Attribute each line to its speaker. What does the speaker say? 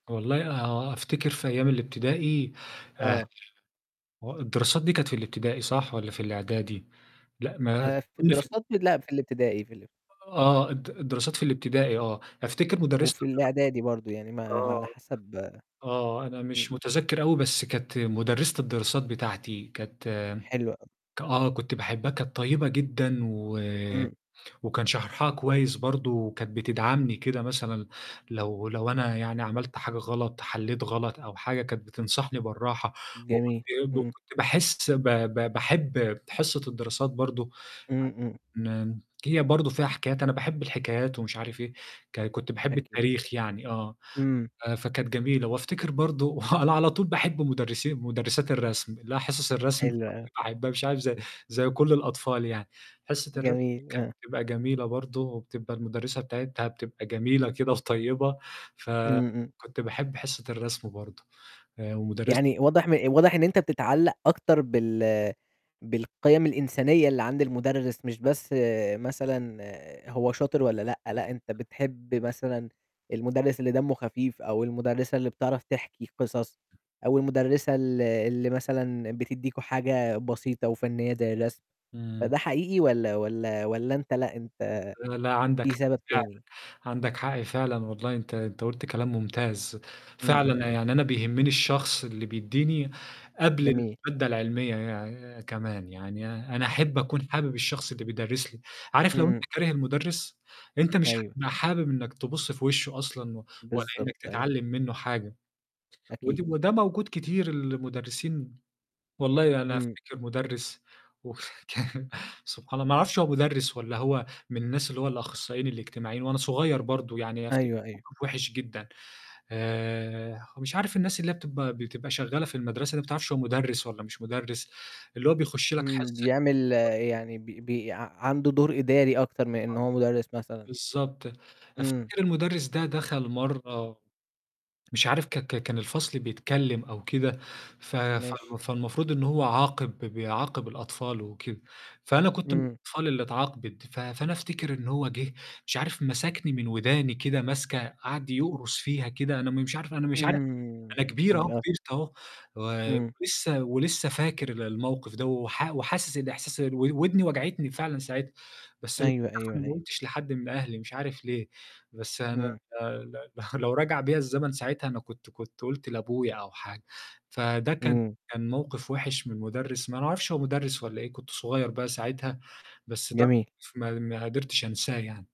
Speaker 1: والله آه، أفتكر في أيام الابتدائي
Speaker 2: آه.
Speaker 1: [unintelligible] هو الدراسات دي كانت في الابتدائي صح والّا في الإعدادي؟ لأ، ما تقول
Speaker 2: آآ، في
Speaker 1: لي فن
Speaker 2: الدراسات م لأ، في الابتدائي في الب
Speaker 1: آه، الد الدراسات في الابتدائي آه، أفتكر مُدرِّسة
Speaker 2: وفي
Speaker 1: الدراسات
Speaker 2: الإعدادي برضه، يعني ما على
Speaker 1: آه.
Speaker 2: حسب
Speaker 1: آه، أنا مش
Speaker 2: إمم.
Speaker 1: مُتذكّر أوي بس كانت مُدرِّسة الدراسات بتاعتي كانت م
Speaker 2: حلو أوي.
Speaker 1: ك آه، كنت باحبها كانت طيبة جدًا و
Speaker 2: إمم.
Speaker 1: وكان شرحها كويس برضه وكانت بتدعمني كده مثلًا لو لو أنا يعني عملت حاجة غلط، حلّيت غلط أو حاجة، كانت بتنصحني بالراحة، وكنت
Speaker 2: جميل،
Speaker 1: إيه،
Speaker 2: إمم.
Speaker 1: وكنت باحس ب ب باحب حصّة الدراسات برضه ع
Speaker 2: إمم، إمم.
Speaker 1: ن هي برضه فيها حكايات، أنا باحب الحكايات ومش عارف إيه، ك كنت باحب
Speaker 2: أكيد.
Speaker 1: التاريخ يعني آه.
Speaker 2: إمم.
Speaker 1: ف فكانت جميلة. وأفتكر برضه أنا على طول باحب مدرسين مدرسات الرسم اللي هي حصص الرسم
Speaker 2: حلو أوي.
Speaker 1: فكنت باحبّها مش عارف ز زي كل الأطفال يعني، حصّة الرسم
Speaker 2: جميل آه.
Speaker 1: كانت بتبقى جميلة برضه وبتبقى المُدرِّسة بتاعتها بتبقى جميلة كده وطيبة،
Speaker 2: إمم، إمم.
Speaker 1: فكنت باحب حصة الرسم برضه آآ، ومدرس
Speaker 2: يعني واضح م واضح إن أنت بتتعلّق أكتر بال بالقيم الإنسانية اللي عند المدرس، مش بس مثلًا هو شاطر والّا لأ، لأ أنت بتحب مثلًا المدرس اللي دمّه خفيف أو المُدرِّسة اللي بتعرف تحكي قصص أو المُدرِّسة ال اللي مثلًا بتدّيكم حاجة بسيطة وفنّية زي الرسم،
Speaker 1: إمم.
Speaker 2: فده حقيقي والّا والّا والّا أنت لأ، أنت
Speaker 1: [unintelligible] لأ، لأ، عندك
Speaker 2: في
Speaker 1: حق
Speaker 2: سبب
Speaker 1: فعلًا،
Speaker 2: تاني؟
Speaker 1: عندك حق فعلًا والله أنت أنت قُلت كلام مُمتاز،
Speaker 2: إمم، إمم.
Speaker 1: فعلًا يعني أنا بيهمّني الشخص اللي بيدّيني قبل
Speaker 2: جميل.
Speaker 1: المادة العلمية يع كمان، يعني أنا أحب أكون حابب الشخص اللي بيدرّس لي، عارف لو أنت
Speaker 2: إمم.
Speaker 1: كاره المدرس أنت مش
Speaker 2: أيوه.
Speaker 1: هتبقى حابب إنّك تبُص في وِشّه أصلًا، و ولا
Speaker 2: بالضبط،
Speaker 1: إنّك
Speaker 2: أيوه.
Speaker 1: تتعلّم منّه حاجة ودي
Speaker 2: أكيد.
Speaker 1: وده موجود كتير المدرسين والله أنا
Speaker 2: إمم.
Speaker 1: أفتكر مدرس وه كان سبحان ال ما أعرفش هو مدرس والّا هو من الناس اللي هو الأخصائيين الإجتماعيين وأنا صغيّر برضه يعني أفتكّر
Speaker 2: أيوه، أيوه.
Speaker 1: موقِف وِحش جدًا آآ ومش عارف الناس اللي هي بتبقى بتبقى شغّالة في المَدرسة اللي ما بتعرفش هو مدرس والّا مش مدرس اللي هو بيخش لك
Speaker 2: إمم،
Speaker 1: حصّة.
Speaker 2: بيعمل يعني بي بي ع عنده دور إداري أكتر من إن
Speaker 1: آه.
Speaker 2: هو مدرس مثلًا.
Speaker 1: بالضبط،
Speaker 2: إمم.
Speaker 1: أفتكر المدرس ده دخل مرّة مش عارف ك ك كان الفصل بيتكلّم أو كده ف
Speaker 2: ماشي.
Speaker 1: فو فالمفروض إن هو عاقب ب بيعاقب الأطفال وكده، فأنا كنت من
Speaker 2: إمم.
Speaker 1: الأطفال اللي اتعاقبت، ف فأنا أفتكر إن هو جِه مش عارف مسكني من وداني كده ماسكة قعد يقرُص فيها كده أنا م مش عارف أنا مش عارف
Speaker 2: إمم.
Speaker 1: أنا كبير أهو،
Speaker 2: [unintelligible]
Speaker 1: كبرت أهو و
Speaker 2: إمم.
Speaker 1: ولسه ولسه فاكر ال الموقِف ده، وح وحاسس الإحساس ال و ودني وجعتني فعلًا ساعتها، بس بصراحة
Speaker 2: أيوه، أيوه،
Speaker 1: أنا
Speaker 2: أيوه.
Speaker 1: ما قُلتش لحد من أهلي مش عارف ليه، بس أنا
Speaker 2: إمم.
Speaker 1: ل ل لو رجع بيّا الزمن ساعتها أنا كنت كنت قُلت لأبويا أو حاجة، فده كان
Speaker 2: إمم.
Speaker 1: كان موقِف وِحش من المدرس، ما أعرفش هو مدرس والّا إيه، كنت صغيّر بقى ساعتها، بس ده
Speaker 2: جميل.
Speaker 1: موقِف ما ما قدرتش أنساه يعني.